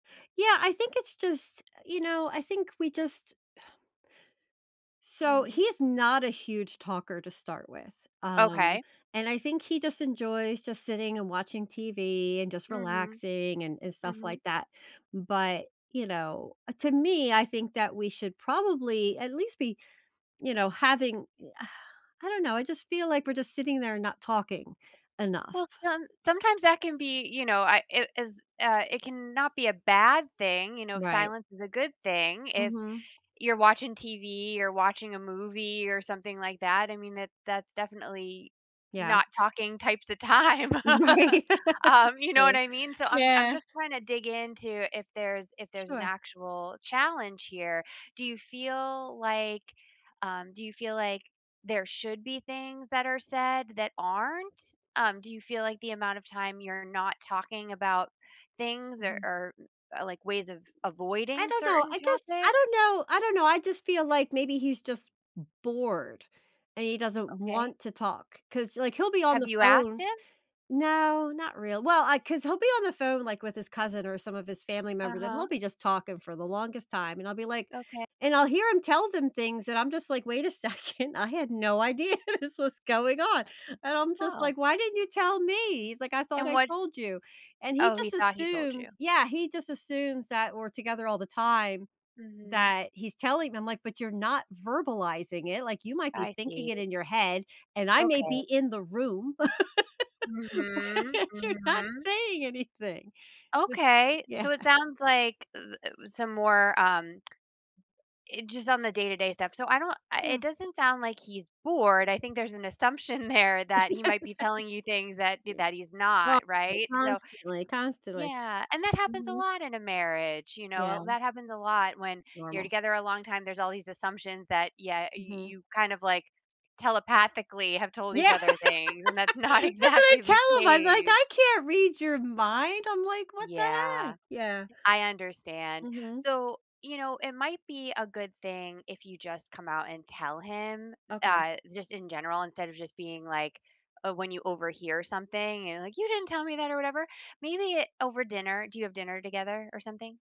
Yeah, I think it's just, you know, I think we just So, Mhm. he's not a huge talker to start with, um, Okay. and I think he just enjoys just sitting and watching TV and just Mhm. relaxing and and stuff Mhm. like that, but, you know, uh, to me, I think that we should probably at least be you know, having a I don't know, I just feel like we're just sitting there and not talking enough. Well, some sometimes that can be, you know, I it it's, uh It can not be a bad thing, you know, if Right. Silence is a good thing, if Mhm. you're watching TV, or watching a movie, or something like that, I mean, it that's definitely Yeah. not talking types of time. Right. Um, you know what True. I mean? So I'm I'm Yeah. just trying to dig in to if there's if there's an Sure. actual challenge here? Do you feel like, um Do you feel like there should be things that are said that aren't? Um, do you feel like the amount of time you're not talking about things or Mhm. or, uh, like, ways of I avoiding don't know, certain I guess I don't topics? know. I don't know, I just feel, like, maybe he's just b bored, and he doesn't Okay. want to talk, 'cause, like, he'll be on Have the you asked phone him? No, not real Well, I 'Cause he'll be on the phone, like, with his cousin or some of his family members, and he'll Uh-huh. be just talking for the longest time, and I'll be, like Okay. and I'll hear him tell them things, and I'm just like, "Wait a second, I had no idea this was going on." and I'm just Oh. like, "Why didn't you tell me?" he's like, "I thought And I what's told you." and he Oh, he just thought he told you. assumes Yeah, he just assumes that we're together all the time Mhm. that he's telling 'em, like, but you're not verbalizing it, like, you might be I thinking see. it in your head, and I may be Okay. in the room, Mhm. but you're not Mhm. saying anything. Huh. Okay, Yeah. so it sounds like the, uh that was some more, um it just on the day-to-day stuff. So I don't I It Yeah. doesn't sound like he's bored, I think there's an assumption there that he might be telling you things that do He that he's not, right? [unintelligible] So constantly, constantly. Yeah, and that happens a Mhm. lot in a marriage, you know? Yeah. Li That happens a lot when you're Normal. together a long time, there's all these assumptions that Yeah, uh, you Mhm. you kind of, like, telepathically have told each Yeah. other things, and that's not That's what I exactly tell the him, I'm like, case. "I can't read your mind." I'm like, "What the Yeah. heck?" Yeah. I understand. Mhm. So, you know, it might be a good thing if you just come out and tell him, Okay. uh, just in general instead of just being like uh, when you overhear something and like, "You didn't tell me that or whatever." Maybe it over dinner. Do you have dinner together or something?